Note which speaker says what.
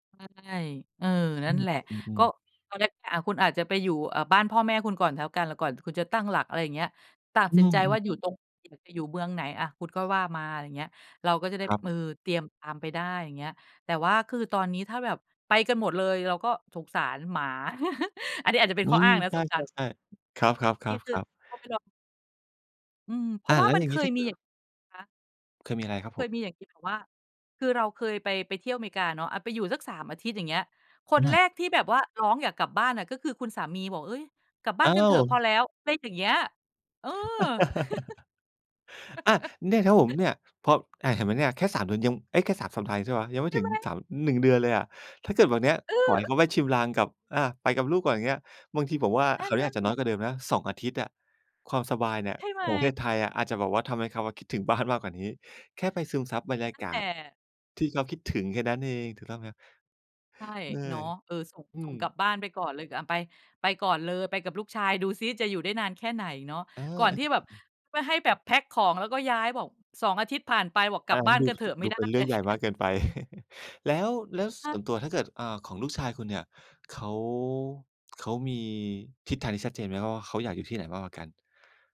Speaker 1: ใช่ เออ
Speaker 2: อ
Speaker 1: นั
Speaker 2: ื
Speaker 1: ่น
Speaker 2: อ
Speaker 1: แหละ
Speaker 2: อื
Speaker 1: ก
Speaker 2: อ
Speaker 1: ็
Speaker 2: ๆ
Speaker 1: ตอนแรกอะคุณอาจจะไปอยู่ เอ่อ บ้านพ่อแม่คุณก่อนแล้วกัน แล้วก่อนคุณจะตั้งหลัก อะไรอย่างเงี้ย ตัด
Speaker 2: อื
Speaker 1: สินใจ
Speaker 2: ม
Speaker 1: ว่าอยู่
Speaker 2: ๆ ๆ
Speaker 1: ตรง จะอยู่ จะอยู่เมืองไหนอะ คุณก็ว่ามา อะไรเงี้ย เราก็จะได้
Speaker 2: ครั
Speaker 1: เออ
Speaker 2: บ
Speaker 1: เตรียมตามไปได้อย่างเงี้ย แต่ว่าคือตอนนี้ถ้าแบบไปกันหมดเลยเราก็สงสารหมา อันนี้อาจจะเป็น
Speaker 2: อื
Speaker 1: ข้ออ
Speaker 2: ม
Speaker 1: ้างนะ
Speaker 2: ใช
Speaker 1: สงสาร
Speaker 2: ่ ๆ ๆ ครับ
Speaker 1: จริง คือ
Speaker 2: ๆ ๆ ๆ
Speaker 1: เอาไปลอง อืม เพร
Speaker 2: อ
Speaker 1: า
Speaker 2: ่า
Speaker 1: ะว่
Speaker 2: แล
Speaker 1: า
Speaker 2: ้ว
Speaker 1: มั
Speaker 2: อ
Speaker 1: น
Speaker 2: ย่าง
Speaker 1: เค
Speaker 2: งี้ ถ
Speaker 1: ย
Speaker 2: ้าเก
Speaker 1: ม
Speaker 2: ิ
Speaker 1: ีอย
Speaker 2: ด
Speaker 1: ่าง คะ
Speaker 2: เคยมี อะไรครับ
Speaker 1: เค
Speaker 2: ผม?
Speaker 1: ยมีอย่างที่แบบว่า คือเราเคย ไป ไปเที่ยวอเมริกาเนาะ อะ ไปอยู่สัก 3 อาทิตย์อย่างเงี้ย คน
Speaker 2: อ
Speaker 1: แ
Speaker 2: า
Speaker 1: รกที่แบบว่าร้องอยากกลับบ้านอะ ก็คือคุณสามีบอก เอ๊ย กลับบ
Speaker 2: อ
Speaker 1: ้า
Speaker 2: ้า
Speaker 1: นกันเถอะพอ
Speaker 2: ว
Speaker 1: แล้ว ไรอย่างเงี้ย เออ
Speaker 2: อะ เนี่ยครับผม เนี่ย พอ อะ เห็นไหมเนี่ยแค่ 3 เดือนยัง เอ้ยแค่ 3 สัปดาห์ใช่เปล่า ยังไม่
Speaker 1: ใช
Speaker 2: ถึ
Speaker 1: ่
Speaker 2: ง
Speaker 1: ไหม?
Speaker 2: 3 1 เดือนเลยอะ ถ้าเกิดแบบเนี้ย
Speaker 1: เอ
Speaker 2: ขอให
Speaker 1: อ
Speaker 2: ้เขาไปชิมลางกับ อะ ไปกับลูกก่อนอย่างเงี้ย บางทีผมว่า
Speaker 1: นั่
Speaker 2: คร
Speaker 1: น
Speaker 2: าวน
Speaker 1: น
Speaker 2: ี้
Speaker 1: ั่
Speaker 2: อา
Speaker 1: น
Speaker 2: จจะ
Speaker 1: แ
Speaker 2: น้
Speaker 1: หล
Speaker 2: อย
Speaker 1: ะ
Speaker 2: กว่าเดิมนะ 2 อาทิตย์อะ ความสบายเนี่ย
Speaker 1: ใช่ไห
Speaker 2: ของประเท
Speaker 1: ม?
Speaker 2: ศไทยอะ อาจจะแบบว่าทำให้เขาอะ คิดถึงบ้านมากกว่านี้ แค่ไปซึมซับบรรย
Speaker 1: น
Speaker 2: า
Speaker 1: ั่น
Speaker 2: ก
Speaker 1: แห
Speaker 2: า
Speaker 1: ล
Speaker 2: ศ
Speaker 1: ะ
Speaker 2: ที่เขา คิดถึงแค่นั้นเอง ถูกต้องไหมครับ?
Speaker 1: ใช่
Speaker 2: เออ
Speaker 1: เนาะ เออ ส่ง
Speaker 2: อื
Speaker 1: ส่งกลั
Speaker 2: ม
Speaker 1: บบ้านไปก่อนเลย ก อะ ไป ไปก่อนเลย ไปกับลูกชายดูซิจะอยู่ได้นานแค่ไหนเนาะ
Speaker 2: อา
Speaker 1: ก่อน
Speaker 2: อะ
Speaker 1: ที่แบบ
Speaker 2: ๆ
Speaker 1: ไม่ให้แบบแพ็กของแล้วก็ย้ายบอก 2 อาทิตย์ผ่านไปบอกก
Speaker 2: อ
Speaker 1: ลั
Speaker 2: า
Speaker 1: บ
Speaker 2: ง
Speaker 1: บ
Speaker 2: ั
Speaker 1: ้
Speaker 2: ้
Speaker 1: า
Speaker 2: น
Speaker 1: น
Speaker 2: ดู
Speaker 1: ก็เถอะไม
Speaker 2: ด
Speaker 1: ่
Speaker 2: ู
Speaker 1: ได้
Speaker 2: เป็นเรื่
Speaker 1: น
Speaker 2: อ
Speaker 1: ะ
Speaker 2: งใ
Speaker 1: เ
Speaker 2: หญ่
Speaker 1: น
Speaker 2: ม
Speaker 1: ี่
Speaker 2: าก
Speaker 1: ย
Speaker 2: เกินไป แล้ว แล้วส
Speaker 1: ค
Speaker 2: ่ว
Speaker 1: ะ
Speaker 2: นตัวถ้าเกิด อ่า ของลูกชายคุณเนี่ย เขา เขามีทิศทางที่ชัดเจนไหมว่า เขาอยากอยู่ที่ไหนมากกว่ากัน?